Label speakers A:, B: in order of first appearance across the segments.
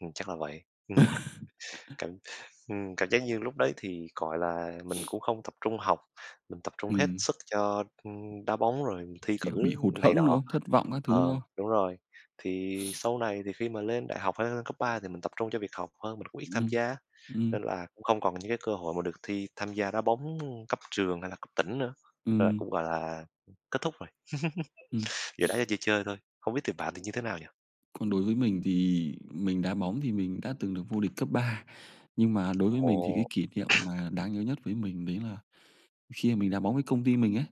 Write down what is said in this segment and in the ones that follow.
A: Ừm, chắc là vậy. Cảm, ừm, cảm giác như lúc đấy thì, gọi là, mình cũng không tập trung học, mình tập trung hết
B: Ừm.
A: sức cho, ưm, đá bóng, rồi thi
B: Kiểu bị
A: cử
B: hụt
A: này
B: hẫng, đúng
A: nọ.
B: không? Thất vọng các thứ, đúng
A: Ờ,
B: không?
A: đúng rồi. Thì sau này thì khi mà lên đại học hay lên cấp 3 thì mình tập trung cho việc học hơn, mình cũng ít tham
B: Ừm.
A: gia,
B: Ừm.
A: nên là cũng không còn những cái cơ hội mà được thi tham gia đá bóng, ưm, cấp trường hay là cấp tỉnh nữa. Nên
B: Ừm.
A: cũng gọi là kết thúc rồi,
B: Ừ.
A: giờ đá cho chơi chơi thôi. Không biết thì bạn thì như thế nào nhỉ?
B: Còn đối với mình thì mình đá bóng thì mình đã từng được vô địch cấp 3, nhưng mà đối với mình thì cái
A: Ồ!
B: kỷ niệm mà đáng nhớ nhất với mình đấy là khi mà mình đá bóng với công ty mình ấy.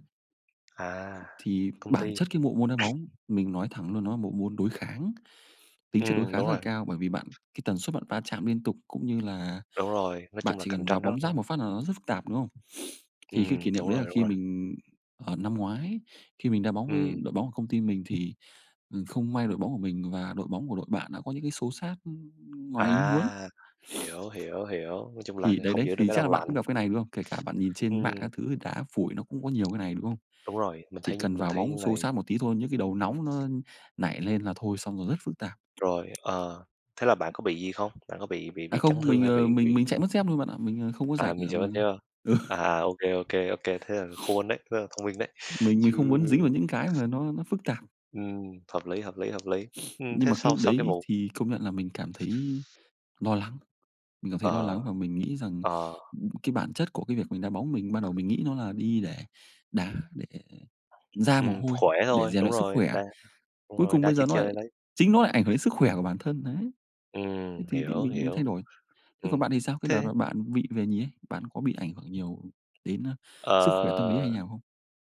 A: À.
B: Thì
A: Công
B: bản
A: ty.
B: chất cái bộ môn đá bóng, mình nói thẳng luôn, nó là bộ môn đối kháng, tính chất đối
A: Ừm,
B: kháng
A: đúng
B: rất là
A: rồi!
B: cao bởi vì bạn cái tần suất bạn va chạm liên tục, cũng như là
A: Đúng rồi, nói
B: bạn
A: chung là
B: chỉ
A: cạnh
B: cần vào
A: tranh rất,
B: bóng rát
A: ơ
B: một phát là nó rất phức tạp, đúng không? Thì cái kỷ
A: Ừm,
B: niệm
A: đúng
B: đấy là
A: rồi, đúng
B: khi
A: rồi.
B: mình ờ, năm ngoái, khi mình đá bóng với
A: Ừm.
B: đội bóng của công ty mình thì, ừm, không may đội bóng của mình và đội bóng của đội bạn đã có những cái xô xát, ưm, ngoài ý muốn.
A: À. Hiểu, hiểu, hiểu, nói chung là
B: Thì đấy
A: hông
B: đấy,
A: giữ được
B: thì
A: cái
B: chắc là
A: đầu
B: bạn cũng
A: lạnh.
B: gặp cái này, đúng không? Kể cả bạn nhìn trên
A: Ừm.
B: mạng các thứ thì đá phủi nó cũng có nhiều cái này, đúng không?
A: Đúng rồi, mình
B: Chỉ
A: thấy,
B: cần
A: mình
B: vào
A: thấy
B: bóng xô
A: này
B: xát một tí thôi, những cái đầu nóng nó nảy lên là thôi xong rồi rất phức tạp.
A: Rồi, ờ, thế là bạn có bị gì không? Bạn có bị bị
B: À,
A: bị chấn
B: không,
A: thương
B: mình,
A: hay
B: ờ,
A: bị
B: mình
A: bị
B: mình chạy mất dép luôn bạn ạ. Mình, ờ, không có
A: À,
B: rảnh,
A: mình
B: à,
A: chạy mất
B: mà
A: dép ha.
B: ừ.
A: À, à, OK, OK, OK, thế là khôn đấy, rất là thông minh đấy,
B: Mình mình
A: chứ
B: không muốn dính vào những cái mà nó nó phức tạp.
A: Ừm. Hợp lý, hợp lý, hợp lý. Ừm
B: Nhưng
A: thế
B: mà cái
A: sau
B: lúc
A: sau cái
B: đấy
A: vụ
B: thì công nhận là mình cảm thấy lo lắng, mình cảm thấy lo lắng
A: Ờ.
B: và mình nghĩ rằng,
A: Ờ.
B: ừm, cái bản chất của cái việc mình đá bóng mình ban đầu mình nghĩ nó là đi để đá, để ra mồ
A: Ừm,
B: hôi,
A: khỏe
B: để
A: thôi.
B: rèn
A: Đúng
B: luyện sức
A: rồi.
B: khỏe.
A: Đá đúng
B: Cuối
A: rồi,
B: cùng
A: đá
B: bây giờ
A: chơi
B: nó lại,
A: chơi lấy.
B: chính nó lại ảnh hưởng đến sức khỏe của bản thân đấy,
A: Ừm,
B: thế thì thì
A: hiểu,
B: mình mình thay
A: hiểu.
B: đổi. Thế còn
A: Ừm.
B: bạn thì sao? Cái đợt
A: Thế
B: mà bạn bị về nhì ấy, bạn có bị ảnh hưởng nhiều đến, a, sức khỏe tâm lý hay
A: Ờ.
B: như nào không?